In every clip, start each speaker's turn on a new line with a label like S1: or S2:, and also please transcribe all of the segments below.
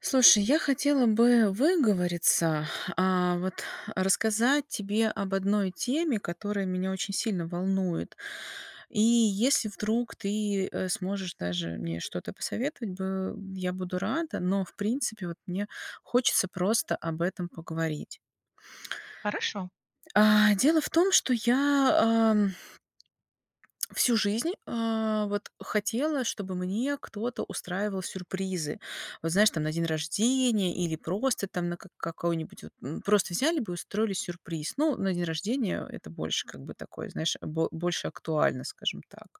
S1: Слушай, я хотела бы выговориться, а, вот рассказать тебе об одной теме, которая меня очень сильно волнует. И если вдруг ты, э, сможешь даже мне что-то посоветовать бы я буду рада, но, в принципе, вот мне хочется просто об этом поговорить.
S2: Хорошо.
S1: А дело в том, что я ам всю жизнь, а, вот хотела, чтобы мне кто-то устраивал сюрпризы. Вот знаешь, там на день рождения или просто там на как какой-нибудь вот, м, просто взяли бы и устроили сюрприз. Ну, на день рождения, а, это больше как бы такое знаешь бо больше актуально, скажем так.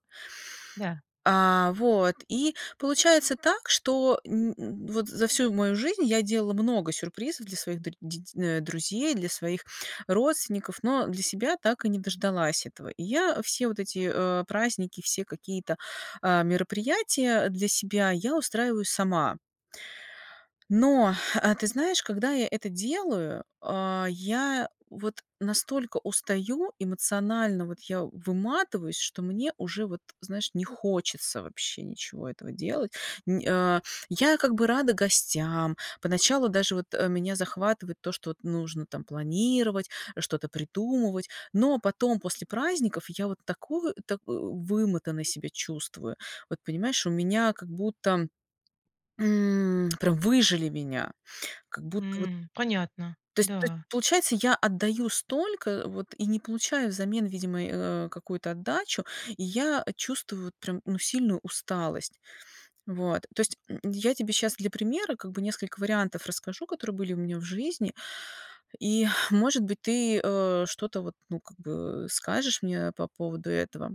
S2: Да.
S1: А вот. И получается так, что н н вот за всю мою жизнь я делала много сюрпризов для своих дру деть э, друзей, для своих родственников, но, э, для себя так и не дождалась этого. И я, э, все вот эти, э, праздники, все какие-то, а, мероприятия, для себя я устраиваю сама. Но, э, ты знаешь, когда я это делаю, а, я, э, вот настолько устаю, эмоционально вот я, э, выматываюсь, что мне уже вот, знаешь, не хочется вообще ничего этого делать. Не, а. Я как бы рада гостям, поначалу даже вот, э, меня захватывает то, что вот нужно там планировать, э, что-то придумывать, но потом после праздников я вот тако а, так вымотанной себя чувствую. Вот понимаешь, у меня как будто, м, прям выжали меня. Как будто вот.
S2: М, понятно,
S1: То есть то есть
S2: да.
S1: получается, я отдаю столько, э, вот и не получаю взамен, видимо, э, а, какую-то отдачу. И я, э, чувствую вот прям, ну, сильную усталость. Вот, то есть, м, я тебе щас для примера как бы несколько вариантов расскажу, которые были у меня в жизни, и, может быть, ты, а, что-то вот, ну как бы, э, скажешь мне, э, по поводу этого.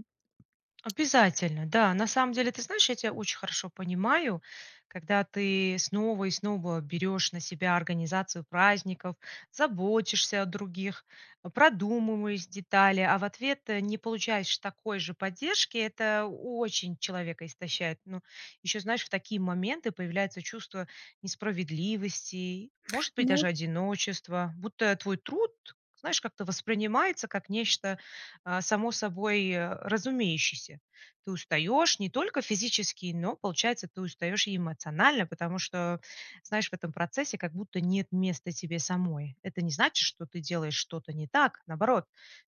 S2: Обязательно! Да, на самом деле, ты знаешь, я тя очень хорошо понимаю, когда ты снова и снова берешь на себя организацию праздников, заботишься о других, а, продумываешь детали, а в ответ, э, не получаешь такой же поддержки, это о очень человека истощает. Ну еще, знаешь, в такие моменты появляется чувство несправедливости, может быть
S1: Ну.
S2: даже одиночества, будто твой труд, знаешь, как-то воспринимается как нечто, а, само собой, э, разумеющееся. Ты устаешь не только физически, но, получается, ты устаешь и эмоционально, потому что, знаешь, в этом процессе как будто нет места тебе самой. Это не значит, что ты делаешь что-то не так. Наоборот,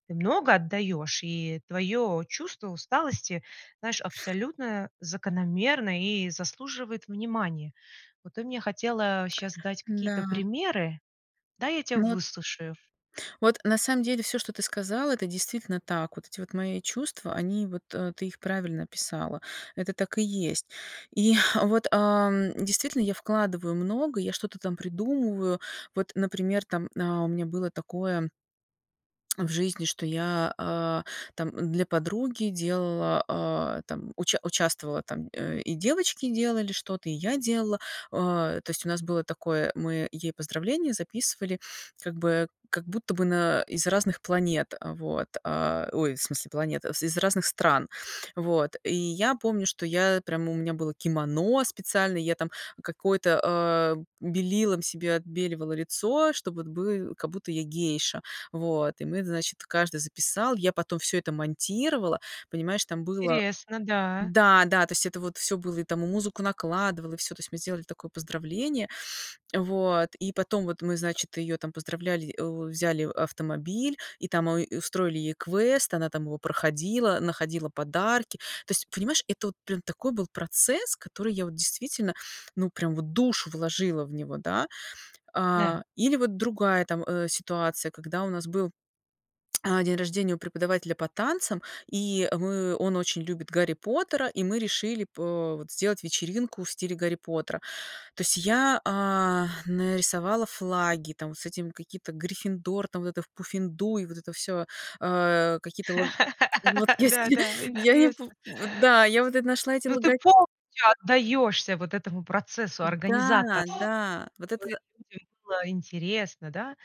S2: ты много отдаешь, и твое чувство усталости, знаешь, абсолютно закономерно и заслуживает внимания. Вот ты мне хотела щас дать какие-то
S1: Н-да.
S2: примеры, дай я тя
S1: Вот.
S2: выслушаю.
S1: Вот, на самом деле всё, что ты сказала- это действительно так. Вот эти вот мои чувства- они вот, э, ты их правильно описала, это так и есть. И, э, вот, ам, действительно, я вкладываю много, я что-то там придумываю. Вот, например, там, а, у меня было такое в жизни, что я, а, там, э, для подруги делала, а, там уча участвовала там, э, и девочки делали что-то, и я делала. А то есть, у нас было такое, э, мы ей поздравления записывали как бы, как будто бы на, э, из разных планет, а вот, а, ой, в смысле, планет, в из разных стран, вот. И я помню, что я, э, прямо, у меня было кимоно специально, я там какое-то, а, белилом себе отбеливала лицо, чтобы вот бы а, как будто я гейша, вот. И мы, значит, каждый записал, я потом всё это монтировала, понимаешь, там было.
S2: Интересно, да.
S1: Да, да, то есть это вот всё было, и там мы музыку накладывала, и всё, то есть мы сделали такое поздравление. Вот. И потом вот мы значит ее там поздравляли, э, взяли автомобиль, и там у устроили ей квест, она там его проходила, находила подарки. То есть понимаешь, это вот прям такой был процесс, который я вот, действительно, ну прям вот душу вложила в него, да.
S2: Да.
S1: А, или вот другая там, а, ситуация, когда у нас был, а, день рождения у преподавателя по танцам, и мы, он очень любит Гарри Поттера, и мы решили по вот сделать вечеринку в стиле Гарри Поттера. То есть я, а, нарисовала флаги, там с этим, какие-то, Гриффиндор, там, вот это в Пуффендуй, вот это всё, а какие-то лог Вот,
S2: Да,
S1: если
S2: да,
S1: я не пом
S2: интересно.
S1: В да, я вот это нашла эти
S2: Ну, ты
S1: лога
S2: полностью отдаешься вот этому процессу
S1: Н-да,
S2: организатора
S1: да! Вот это.
S2: [unintelligible] людям было интересно, да?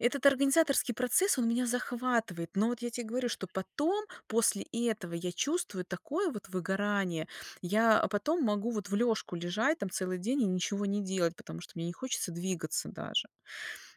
S1: Этот организаторский процесс- он меня захватывает, но вот я те говорю, что
S2: [unintelligible]
S1: потом, после этого, я чувствую такое вот выгорание! Я, э, потом могу вот в лежку лежать там целый день и ничего не делать, потому что мне не хочется двигаться даже.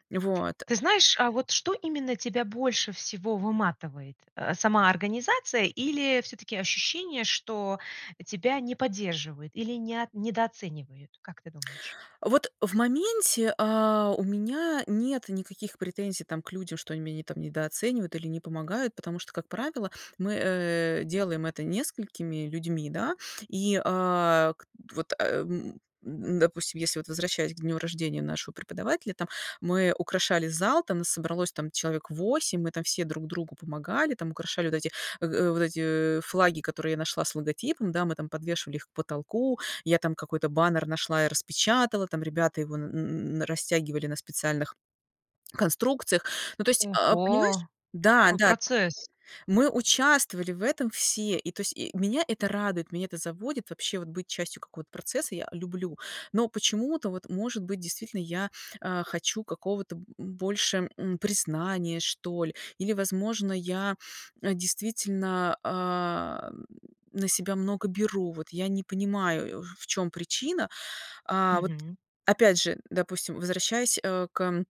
S1: Вот.
S2: Ты знаешь, а вот что именно тебя больше всего выматывает? Э, сама организация или всё-таки ощущение, что, э, тебя не поддерживают или не от недооценивают? Как ты думаешь?
S1: Вот, э, в моменте, а, у меня нет никаких претензий там к людям, что они меня не там недооценивают или не помогают, потому что, как правило, мы, э, делаем это несколькими людьми, да. И, а, к т Вот, а, м м допустим, если вот возвращаясь к дню рождения нашего преподавателя, там мы украшали зал, там нас собралось там человек 8, мы там все друг другу помогали, там украшали вот эти, э, э, вот эти, э, флаги, которые я нашла с логотипом, да, мы там подвешивали их к потолку, я там какой-то баннер нашла и распечатала, там ребята его н н на растягивали на специальных конструкциях. Ну, то есть, а, понимаешь,
S2: Ого!
S1: да,
S2: Какой
S1: да,
S2: процесс!
S1: мы участвовали в этом все, и то есть и меня это радует, меня это заводит вообще- вот быть частью какого-то процесса я, э, люблю. Но почему-то, вот может быть, действительно, я, а, хочу какого-то, м, б больше, м, признания, что ли. Или, возможно, я, а, действительно, а, на себя много беру, вот я не понимаю, э, в чем причина. А, вот
S2: Мгм.
S1: опять же, э, допустим возвращаясь, а, к эм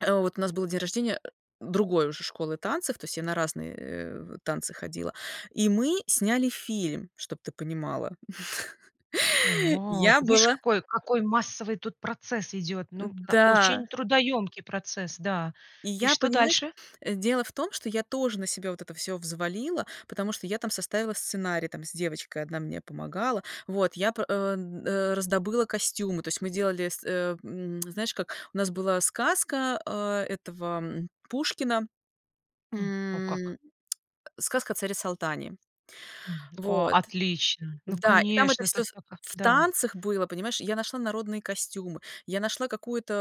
S1: А вот у нас был день рождения, э, другой уже школы танцев, то есть я на разные, э, танцы ходила, и мы сняли фильм. Чтоб ты понимала.
S2: А,
S1: Я
S2: видишь,
S1: была
S2: какой какой массовый тут процесс идет. Ну, пта
S1: М-да.
S2: очень трудоемкий процесс, да.
S1: И
S2: И
S1: я,
S2: что
S1: понимаешь,
S2: дальше?
S1: дело в том, что я тоже на себя вот это всё взвалила, потому что я там составила сценарий там с девочкой, одна мне помогала. Вот я п э, м, э, раздобыла костюмы. То есть мы делали с, э, м, знаешь как? У нас была сказка, а, этого, м, Пушкина,
S2: М, о как.
S1: м, "Сказка о царе Салтане".
S2: М, о,
S1: Вот.
S2: отлично, ну
S1: Да, и там это
S2: конечно,
S1: всё
S2: тут
S1: в
S2: пока,
S1: в
S2: да.
S1: танцах было, понимаешь? Я нашла народные костюмы, я нашла какой-то,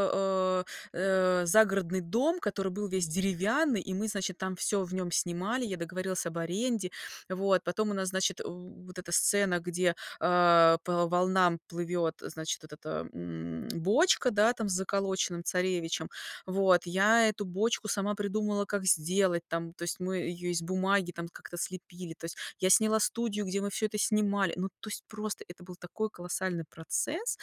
S1: а, э, загородный дом, который был весь деревянный, и мы, значит, там всё в нем снимали, я договорилась об аренде. Вот потом у нас, значит, э, вот эта сцена, где, а, по волнам плывет, э, значит этот, а, м, бочка, да, там с заколоченным царевичем. Вот, я эту бочку сама придумала, как сделать там, то есть мы ее из бумаги там как-то слепили, то есть я сняла студию, где мы всё это снимали. Ну, то есть просто это был такой колоссальный процесс.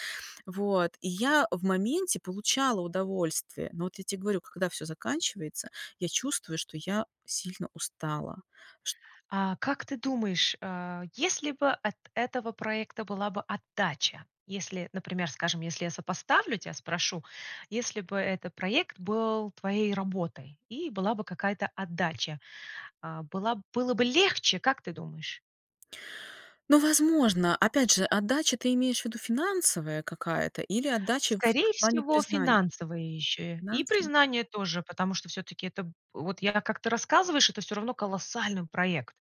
S1: Вот и я в моменте получала удовольствие. Но вот я те говорю: когда всё заканчивается, я чувствую, что я сильно устала. Ш
S2: А как ты думаешь, а, если бы от этого проекта была бы отдача, если, например, скажем, если я сопоставлю, тя спрошу. Если бы это проект был твоей работой, и была бы какая-то отдача, а, была было бы легче, как ты думаешь?
S1: Но, возможно, опять же, отдача- ты имеешь в виду финансовая какая-то или отдача в
S2: Скорее
S1: плане
S2: всего,
S1: признания?
S2: финансовая ещё и
S1: Финансы.
S2: признание тоже, потому что всё-таки это вот я как ты рассказываешь, это всё равно колоссальный проект.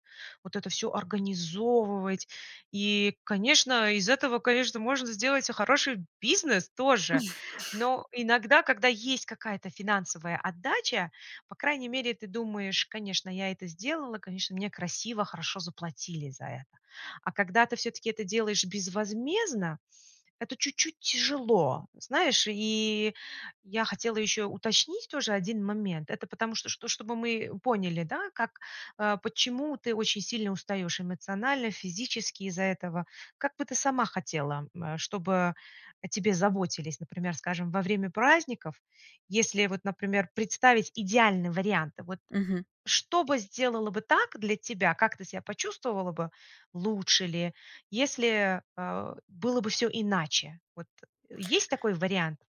S2: Вот это всё организовывать- и, конечно, из этого, конечно, можно сделать, а, хороший бизнес тоже. Но иногда, когда есть какая-то финансовая отдача, по крайней мере ты думаешь: "Конечно, я это сделала, конечно, мне красиво, хорошо заплатили за это." А когда ты всё-таки это делаешь безвозмездно, это чуть-чуть тяжело. Знаешь? И я хотела ещё уточнить тоже 1 момент, это потому что что чтобы мы поняли, да, как, э, почему ты очень сильно устаешь эмоционально, физически из-за этого. Как бы ты сама хотела, э, чтобы о тебе заботились, например, скажем, во время праздников, если, вот например, представить идеальный вариант, вот.
S1: Мгм.
S2: Что бы сделала бы так для тебя, как ты ся почувствовала бы, лучше ли, если, э, было бы всё иначе? Вот есть такой вариант?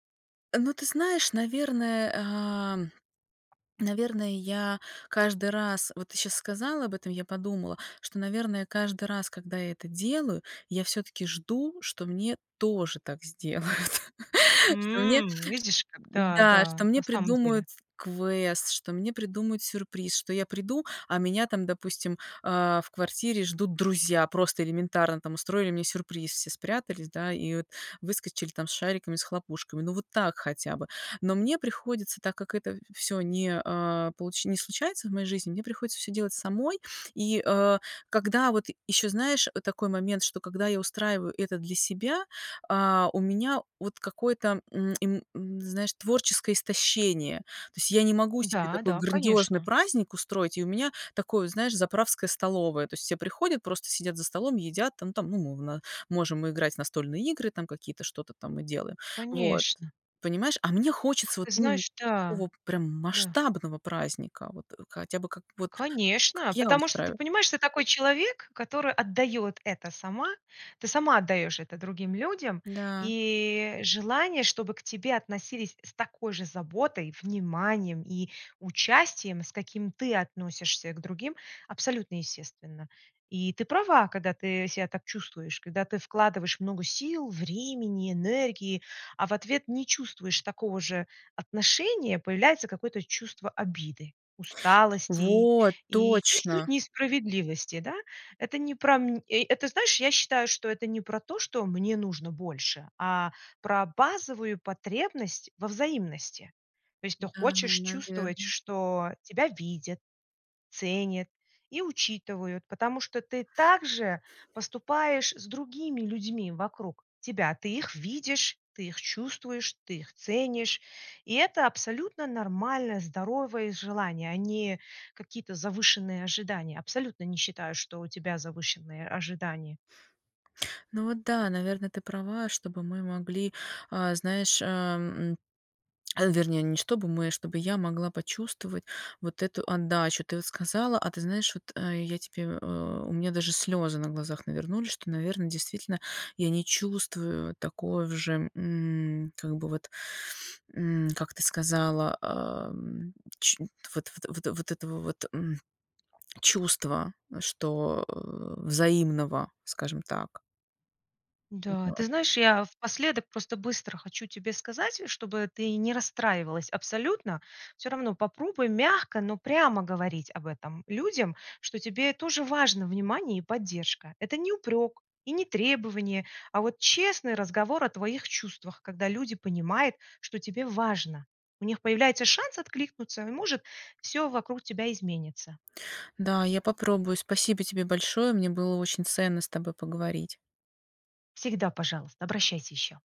S1: Ну ты знаешь, наверное, ам, наверное, я каждый раз вот ты щас сказала об этом, я подумала, что, наверное, каждый раз, когда я это делаю, я всё-таки жду, что мне тоже так сделают. Что мне чт
S2: М, видишь как,
S1: да, что
S2: да-да.
S1: мне
S2: На самом
S1: придумают
S2: деле.
S1: квест, что мне придумают сюрприз. Что я приду, а меня там, допустим, а в квартире ждут друзья, просто элементарно там устроили мне сюрприз, все спрятались, да, и вот выскочили там с шариками, с хлопушками. Ну вот так хотя бы. Но мне приходится, так как это всё не, а, получ не случается в моей жизни, мне приходится всё делать самой. И, э, когда вот еще знаешь, э такой момент, что когда я устраиваю это для себя, а, у меня вот какое-то, м, им м, знаешь, творческое истощение. То есть, я не могу себе такой
S2: Да-да,
S1: грандиозный
S2: конечно.
S1: праздник устроить, и у меня такое, знаешь, заправская столовая. То есть, все приходят, просто сидят за столом, едят, там там, ну, мовна можем играть в настольные игры, там, какие-то что-то там мы делаем Вот
S2: Конечно.
S1: понимаешь, а мне хочется вот
S2: Ты
S1: именно
S2: знаешь, да.
S1: такого прям
S2: Да.
S1: масштабного праздника, вот хотя бы как вот, как
S2: Конечно!
S1: я
S2: Потому что ты
S1: устраиваю.
S2: понимаешь, ты такой человек, который отдает это сама. Ты сама отдаешь это другим людям,
S1: Да.
S2: и желание, чтобы к тебе относились с такой же заботой, вниманием и участием, с каким ты относишься к другим, абсолютно естественно. И ты права, когда ты себя так чувствуешь, когда ты вкладываешь много сил, времени, энергии, а в ответ не чувствуешь такого же отношения, появляется какое-то чувство обиды, усталости и
S1: Вот
S2: и чуть-чуть
S1: точно!
S2: несправедливости. Да? Это не про мн и это знаешь, я считаю, что это не про то, что "мне нужно больше", а про базовую потребность во взаимности. То есть ты
S1: М-да, на
S2: хочешь чувствовать,
S1: наверно.
S2: что тебя видят, ценят и учитывают, потому что ты так же поступаешь с другими людьми вокруг тебя. Ты их видишь, ты их чувствуешь, ты их ценишь. И это абсолютно нормальное, здоровые желания, а не какие-то завышенные ожидания. Абсолютно не считаю, что у тебя завышенные ожидания.
S1: Ну вот да, наверно, ты права. Чтобы мы могли, а знаешь, ам, а вернее не чтобы мы, а чтобы я могла почувствовать вот эту отдачу. Ты вот сказала, а ты знаешь, вот, а я тебе э, у меня даже слезы на глазах навернулись, что, наверно, действительно я не чувствую такое в же, м, как бы вот, м, как ты сказала, ам, чу вот вот вот вот этого вот, м, чувства, что взаимного, скажем так.
S2: Да. Ты
S1: [unintelligible]
S2: знаешь, я напоследок просто быстро хочу тебе сказать, чтобы ты не расстраивалась абсолютно. Всё равно попробуй мягко, но прямо говорить об этом людям, что тебе тоже важно внимание и поддержка. Это не упрек и не требование, а вот честный разговор о твоих чувствах, когда люди понимают, что тебе важно. У них появляется шанс откликнуться и может всё вокруг тебя изменится.
S1: Да, я попробую. Спасибо тебе большое, мне было очень ценно с тобой поговорить.
S2: Всегда пожалуйста, обращайся еще!